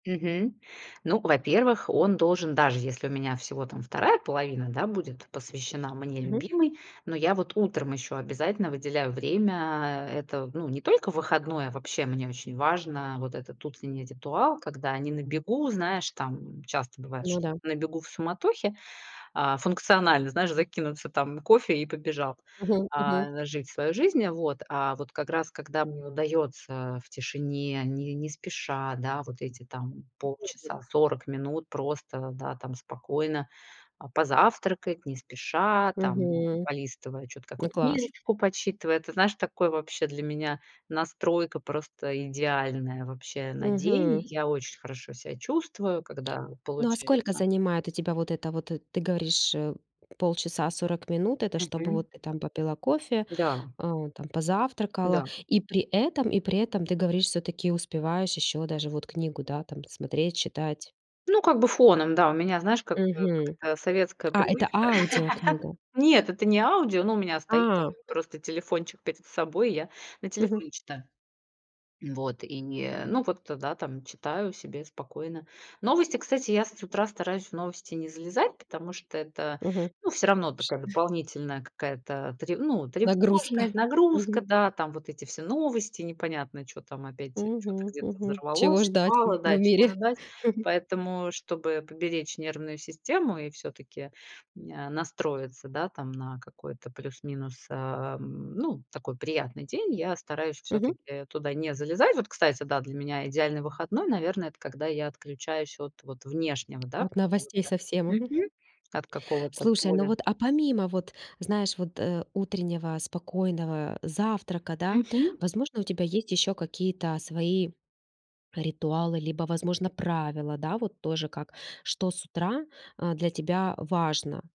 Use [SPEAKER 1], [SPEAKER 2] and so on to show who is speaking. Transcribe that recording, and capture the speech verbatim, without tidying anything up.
[SPEAKER 1] Мгм. Ну, во-первых, он должен, даже если у меня всего там вторая половина, да будет посвящена мне
[SPEAKER 2] Мгм.
[SPEAKER 1] любимой, но я вот утром ещё обязательно выделяю время- это, ну, не только в выходной,- а вообще, мне очень важно, вот этот утренний ритуал. Когда не на бегу, знаешь, там часто бывает,
[SPEAKER 2] Ну
[SPEAKER 1] что
[SPEAKER 2] да.
[SPEAKER 1] на бегу в суматохе, а функционально, знаешь, закинуться там кофе и побежал,
[SPEAKER 2] Мгм мгм.
[SPEAKER 1] а, жить свою жизнь. Вот. А вот как раз, когда мне удаётся в тишине, не не спеша, да, вот эти там
[SPEAKER 2] [unintelligible]
[SPEAKER 1] полчаса, сорок минут просто, да там, спокойно, а, позавтракать не спеша, там
[SPEAKER 2] Мгм.
[SPEAKER 1] полистывая чё-то,
[SPEAKER 2] Ну,
[SPEAKER 1] какую-то
[SPEAKER 2] класс.
[SPEAKER 1] книжечку почитывая. Ты знаешь, такое вообще для меня настройка просто идеальная, вообще, на день.
[SPEAKER 2] Мгм.
[SPEAKER 1] Я очень хорошо себя чувствую, когда
[SPEAKER 2] Ну, а сколько
[SPEAKER 1] получается.
[SPEAKER 2] занимает у тебя вот это вот, ты говоришь, э, полчаса, сорок минут- это чтобы
[SPEAKER 1] Мгм.
[SPEAKER 2] вот ты там попила кофе,
[SPEAKER 1] Да.
[SPEAKER 2] э, там позавтракала,
[SPEAKER 1] Да.
[SPEAKER 2] и при этом и при этом ты говоришь, всё-таки успеваешь ещё даже вот книгу, да, там смотреть, читать.
[SPEAKER 1] Ну, как бы фоном, да. У меня знаешь, как
[SPEAKER 2] Мгм.
[SPEAKER 1] какая-то советская
[SPEAKER 2] А, это
[SPEAKER 1] привычка.
[SPEAKER 2] аудиокнига.
[SPEAKER 1] Нет, это не аудио, ну, у меня стоит там
[SPEAKER 2] А.
[SPEAKER 1] просто телефончик перед собой, я на
[SPEAKER 2] Мгм.
[SPEAKER 1] телефоне читаю. Вот, и не, ну вот, да там, читаю себе спокойно. Новости, кстати, я с утра стараюсь, в новости не залезать, потому что это,
[SPEAKER 2] Мгм.
[SPEAKER 1] ну, все равно
[SPEAKER 2] Вш
[SPEAKER 1] такая
[SPEAKER 2] э
[SPEAKER 1] дополнительная какая-то тре ну,
[SPEAKER 2] Нагрузка.
[SPEAKER 1] тревожность, нагрузка.
[SPEAKER 2] Мгм.
[SPEAKER 1] Да, там вот эти все новости, непонятно, чё там опять, чё-то
[SPEAKER 2] Мгм
[SPEAKER 1] где-то
[SPEAKER 2] мгм. Чего
[SPEAKER 1] взорвалось,
[SPEAKER 2] ждать
[SPEAKER 1] упало, да,
[SPEAKER 2] в
[SPEAKER 1] чего
[SPEAKER 2] мире?
[SPEAKER 1] ждать. Поэтому, чтобы поберечь нервную систему и всё-таки, э, н настроиться, да, там, на какой-то плюс-минус, э, ну, такой приятный день. Я стараюсь
[SPEAKER 2] Мгм.
[SPEAKER 1] всё-таки туда не залезать. Вот, кстати, да, для меня идеальный выходной, наверное, это когда я отключаюсь от, вот, внешнего, да,
[SPEAKER 2] От новостей
[SPEAKER 1] какого-то
[SPEAKER 2] совсем. Мгм.
[SPEAKER 1] мгм, от какого-то
[SPEAKER 2] Слушай, ну
[SPEAKER 1] поля.
[SPEAKER 2] вот, а помимо, вот, знаешь, вот, э, утреннего спокойного завтрака, да,
[SPEAKER 1] Мгм.
[SPEAKER 2] возможно, у тебя есть ещё какие-то свои ритуалы, либо, возможно, правила, да, вот тоже как, что с утра, а, для тебя важно?